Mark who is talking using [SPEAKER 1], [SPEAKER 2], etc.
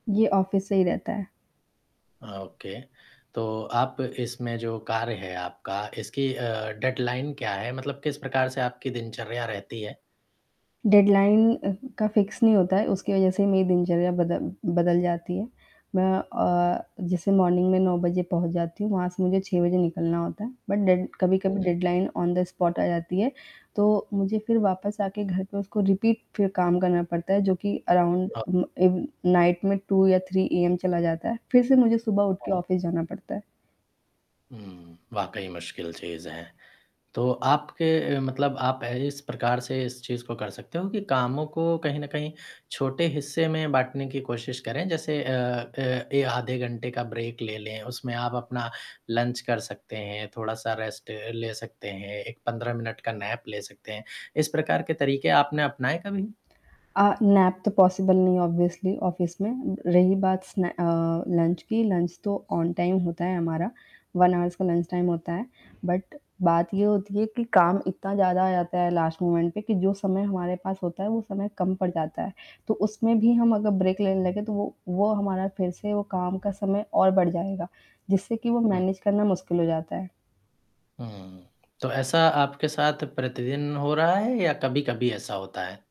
[SPEAKER 1] ये ऑफिस से ही रहता है।
[SPEAKER 2] अ, ओके। तो आप इसमें जो कार्य है आपका, इसकी अ, डेडलाइन क्या है? मतलब किस प्रकार से आपकी दिनचर्या रहती है?
[SPEAKER 1] डेडलाइन का फिक्स नहीं होता है उसकी वजह से मेरी दिनचर्या बदल बदल जाती है। मैं अ, जैसे मॉर्निंग में 9 बजे पहुँच जाती हूँ वहाँ से मुझे 6 बजे निकलना होता है। बट डेड कभी-कभी डेडलाइन ऑन द स्पॉट आ जाती है। तो मुझे फ़िर वापस आके घर पे उसको रिपीट फ़िर काम करना पड़ता है। जो कि अराउंड
[SPEAKER 2] हाँ।
[SPEAKER 1] [unintelligible] नाइट में 2 या 3 ए एम चला जाता है। फ़िर से मुझे सुबह उठ के
[SPEAKER 2] हाँ।
[SPEAKER 1] ऑफिस जाना पडता है।
[SPEAKER 2] हुँ, वाक़ई मुश्किल चीज़ है। तो आपके मतलब आप इस प्रकार से इस चीज़ को कर सकते हो कि कामों को कहीं न कहीं छोटे हिस्से में बाँटने की कोशिश करें। जैसे अ अ ए आधे घंटे का ब्रेक ले लें, उसमें आप अपना लंच कर सकते हैं, थोड़ा-सा रेस्ट ले सकते हैं, एक 15 मिनट का नैप ले सकते हैं। इस प्रकार के तरीके आपने अपनाए कभी?
[SPEAKER 1] अ, नैप तो पॉसिबल नहीं है ऑब्वियस्ली ऑफिस में। रही बात सने अ, लंच की, लंच तो ऑन टाइम होता है हमारा। 1 हॉर्स का लंच टाइम होता है। बट बात ये होती है कि काम इतना ज़्यादा आ जाता है लास्ट मोमेंट पे कि जो समय हमारे पास होता है वो समय कम पड़ जाता है। तो उसमें भी हम अगर ब्रेक लेने लगे तो वो वो हमारा फ़िर से वो काम का समय और बढ़ जाएगा। जिससे कि वो
[SPEAKER 2] हुँ।
[SPEAKER 1] मैनेज करना मुश्किल हो जाता है।
[SPEAKER 2] हुँ, तो ऐसा आपके साथ प्रतिदिन हो रहा है या कभी-कभी ऐसा होता है?